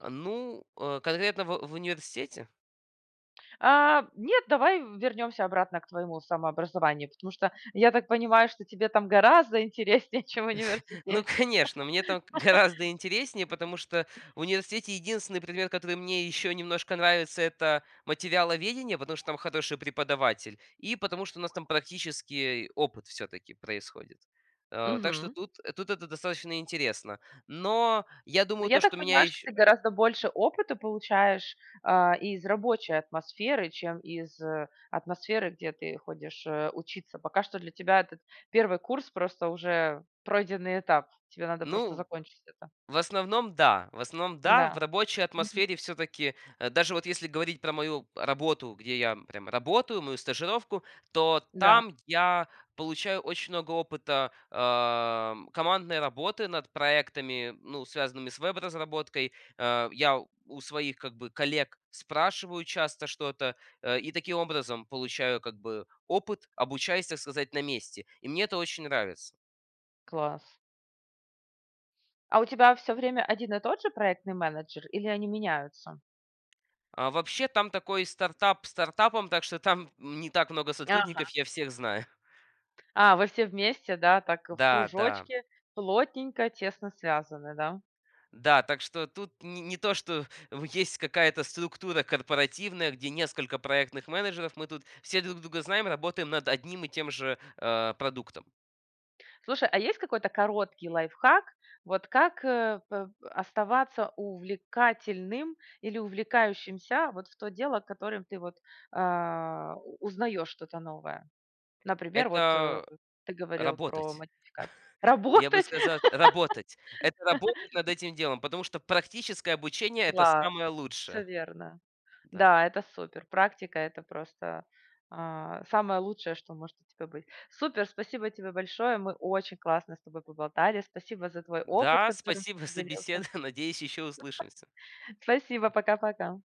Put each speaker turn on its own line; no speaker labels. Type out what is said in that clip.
Ну, э, конкретно в в университете?
А, нет, давай вернемся обратно к твоему самообразованию, потому что я так понимаю, что тебе там гораздо интереснее, чем в
Ну,
университете.
конечно, мне там г гораздо интереснее, потому что в университете единственный предмет, который мне ещё немножко нравится, это материаловедение. Потому что там хороший преподаватель, и потому что у нас там практический опыт всё-таки происходит. А, так что
Мгм.
тут, э, тут это достаточно интересно. Но я
Ну,
думаю,
я
то,
так
что меня
понимаю, что
еще
ты гораздо больше опыта получаешь, а, из рабочей атмосферы, чем из, э, атмосферы, где ты ходишь, э, учиться. Пока что для тебя этот 1 курс- просто уже пройденный этап, тебе надо просто
Ну,
закончить это.
в основном, да в основном, да, в
Н-да,
рабочей
мгм.
атмосфере всё-таки, э, даже вот если говорить про мою работу, где я прям работаю, мою стажировку. То
Да.
там я получаю очень много опыта, ам, командной работы над проектами, ну, связанными с веб-разработкой. А, я у своих как бы коллег спрашиваю часто что-то, а, и таким образом получаю как бы опыт, обучаясь, так сказать, на месте. И мне это очень нравится.
Класс. А у тебя всё время один и тот же проектный менеджер или они меняются?
А вообще там такой стартап стартапом, так что там, м, не так много сотрудников,
Ага.
я всех знаю.
А, вы все вместе, да, так в
Да, да.
кружочке, плотненько тесно связаны, да?
Да, так что тут не не то, что в есть какая-то структура корпоративная, где несколько проектных менеджеров, мы тут все друг друга знаем, работаем над одним и тем же, а, продуктом.
Слушай, а есть какой-то короткий лайфхак, вот как, э, п оставаться увлекательным или увлекающимся, вот в то дело, котором ты вот, а, у узнаёшь что-то новое? Например, вот, э,
Это
ты говорил про
работать.
модификации.
Я бы
Работать?
сказал работать. Это работать над этим делом, потому что практическое обучение- это
Класс,
самое
всё
лучшее.
верно.
Да.
Да, это супер. Практика- это просто, а, самое лучшее, что может у тебя быть. Супер! Спасибо тебе большое. Мы очень классно с тобой поболтали. Спасибо за твой опыт,
Да,
которым ты
спасибо за
поделился.
беседу, надеюсь, ещё услышимся.
Спасибо. Пока пока.